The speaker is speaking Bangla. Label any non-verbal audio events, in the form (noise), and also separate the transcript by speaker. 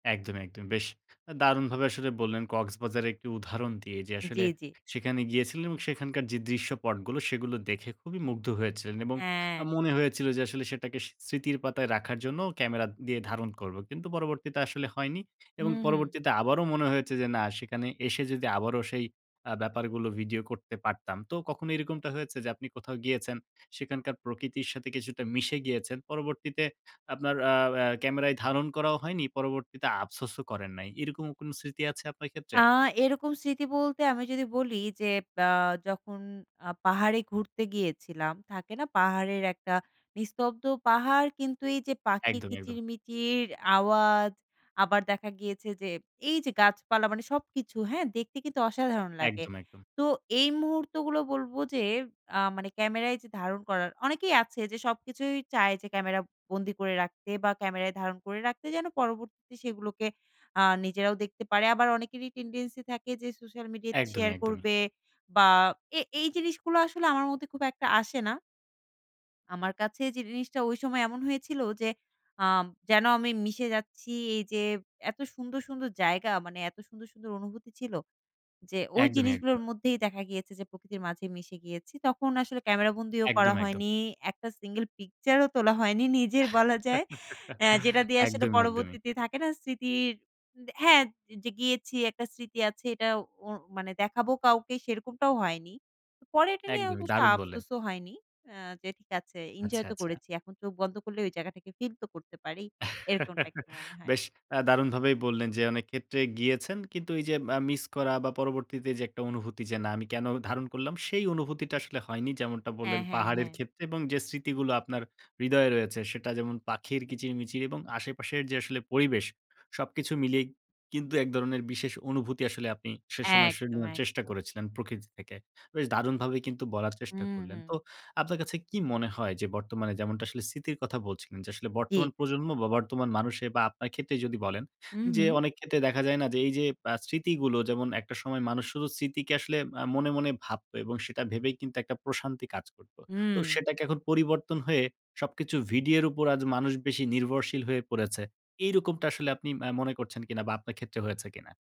Speaker 1: একদম, একদম। বেশ আ দারুণভাবে আসলে বললেন, কক্সবাজারের একটি উদাহরণ দিয়ে যে, আসলে
Speaker 2: জি, জি।
Speaker 1: সেখানে গিয়েছিলেন এবং সেখানকার যে দৃশ্যপটগুলো, সেগুলো দেখে খুবই মুগ্ধ হয়েছিলেন এবং আ
Speaker 2: হ্যাঁ।
Speaker 1: মনে হয়েছিল যে, আসলে সেটাকে স স্মৃতির পাতায় রাখার জন্য, ক্যামেরা দিয়ে ধারণ করব। কিন্তু পরবর্তীতে আসলে হয়নি এবং
Speaker 2: হুম, হুম।
Speaker 1: পরবর্তীতে আবারো মনে হয়েছে যে, "না, সেখানে এসে যদি আবারো সেই আ ব্যাপারগুলো ভিডিও করতে পারতাম।" তো কখনো এরকমটা হয়েছে যে, আপনি কোথাও গিয়েছেন, সেখানকার প্রকৃতির সাথে কিছুটা মিশে গিয়েছেন। পরবর্তীতে আপনার আ অ্যা ক্যামেরায় ধারণ করাও হয়নি, পরবর্তীতে আফসোসও করেন নাই। এরকম কোন স্মৃতি আছে আপনার
Speaker 2: আ
Speaker 1: ক্ষেত্রে?
Speaker 2: এরকম স্মৃতি বলতে আমি যদি বলি, যে আ যখন আ পাহাড়ে ঘুরতে গিয়েছিলাম। থাকে না? পাহাড়ের একটা, নিস্তব্ধ পাহাড় কিন্তু এই যে পাখির
Speaker 1: একদমই, একদম।
Speaker 2: কিচির-মিচির আওয়াজ, আবার দেখা গিয়েছে যে, এই যে গাছপালা, মানে সবকিছু। হ্যাঁ? দেখতে কিন্তু অসাধারণ লাগে।
Speaker 1: একদম, একদম।
Speaker 2: তো এই মুহূর্তগুলো বলব যে, আ মানে ক্যামেরায় যে ধারণ করার, অনেকেই আছে যে, সবকিছুই চায় যে ক্যামেরা বন্দি করে রাখতে বা ক্যামেরায় ধারণ করে রাখতে। যেন পরবর্তীতে সেগুলোকে আ নিজেরাও দেখতে পারে। আবার অনেকেরই টেনডেন্সি থাকে যে, সোশ্যাল মিডিয়াতে
Speaker 1: একদমই,
Speaker 2: শেয়ার
Speaker 1: একদমই।
Speaker 2: করবে বা এ এই জিনিসগুলো আসলে আমার মধ্যে খুব একটা আসে না আমার কাছে যে জিনিসটা ওই সময় এমন হয়েছিল যে, আম যেন আমি মিশে যাচ্ছি এই যে এত সুন্দর, সুন্দর জায়গা, মানে এত সুন্দর, সুন্দর অনুভূতি ছিল। যে, ওই
Speaker 1: একদমই,
Speaker 2: জিনিসগুলোর
Speaker 1: একদম।
Speaker 2: মধ্যেই দেখা গিয়েছে যে, প্রকৃতির মাঝে মিশে গিয়েছি। তখন আসলে ক্যামেরা বন্দিও করা
Speaker 1: একদম, একদম।
Speaker 2: হয়নি, একটা সিঙ্গল পিকচারও তোলা হয়নি নিজের বলা যায়।
Speaker 1: (laughs)
Speaker 2: অ্যা যেটা দিয়ে আসলে
Speaker 1: একদমই, একদমই।
Speaker 2: পরবর্তীতে থাকে না? স্মৃতির হ্যাঁ, যে গিয়েছি একটা স্মৃতি আছে, এটা ও মানে দেখাবো কাউকে, সেরকমটাও হয়নি। পরে এটা নিয়ে
Speaker 1: একদমই।
Speaker 2: অবশ্য
Speaker 1: দারুণ বললেন।
Speaker 2: আফসোসও হয়নি। আ যে, "ঠিক আছে,
Speaker 1: আচ্ছা,
Speaker 2: এনজয় তো
Speaker 1: আচ্ছা।
Speaker 2: করেছি এখন চোখ বন্ধ করলে, ওই জায়গাটাকে ফিল তো করতে পারি।" এরকমটা
Speaker 1: (chuckles)
Speaker 2: একটু মনে হয়।
Speaker 1: বেশ আ দারুণভাবেই বললেন। যে, অনেক ক্ষেত্রে গিয়েছেন কিন্তু এই যে, আ মিস করা বা পরবর্তীতে যে একটা অনুভূতি যে, "না, আমি কেন ধারণ করলাম?" সেই অনুভূতিটা আসলে হয়নি, যেমনটা
Speaker 2: হ্যাঁ,
Speaker 1: বললেন
Speaker 2: হ্যাঁ,
Speaker 1: পাহাড়ের
Speaker 2: হ্যাঁ।
Speaker 1: ক্ষেত্রে এবং যে স্মৃতিগুলো আপনার হৃদয়ে রয়েছে, সেটা যেমন পাখির কিচির-মিচির এবং আশেপাশের যে আসলে পরিবেশ, সবকিছু মিলিয়ে কিন্তু এক ধরনের বিশেষ অনুভূতি আসলে আপনি সে সময় (unintelligible)
Speaker 2: একদম,
Speaker 1: নেয়ার চেষ্টা
Speaker 2: একদম
Speaker 1: করেছিলেন, প্রকৃতি থেকে। বেশ দারুণভাবে কিন্তু বলার চেষ্টা
Speaker 2: হুম,
Speaker 1: করলেন।
Speaker 2: হুম।
Speaker 1: তো আপনার কাছে কি মনে হয়? যে, বর্তমানে যেমনটা আসলে স্মৃতির কথা বলছিলেন যে, আসলে বর্তমান
Speaker 2: জি।
Speaker 1: প্রজন্ম বা বর্তমান মানুষে বা আপনার ক্ষেত্রে যদি বলেন।
Speaker 2: হুম,
Speaker 1: যে
Speaker 2: হুম।
Speaker 1: অনেক ক্ষেত্রে দেখা যায় না? যে, এই যে আ স্মৃতিগুলো। যেমন একটা সময় মানুষ শুধু স্মৃতিকে আসলে আ মনে, মনে ভাবত এবং সেটা ভেবেই কিন্তু একটা প্রশান্তি কাজ করত। তো
Speaker 2: হুম।
Speaker 1: সেটাকে এখন পরিবর্তন হয়ে, সবকিছু ভিডিওর উপর আজ মানুষ বেশি নির্ভরশীল হয়ে পড়েছে। এইরকমটা আসলে আপনি আ মনে করছেন কিনা বা আপনার ক্ষেত্রে হয়েছে কিনা?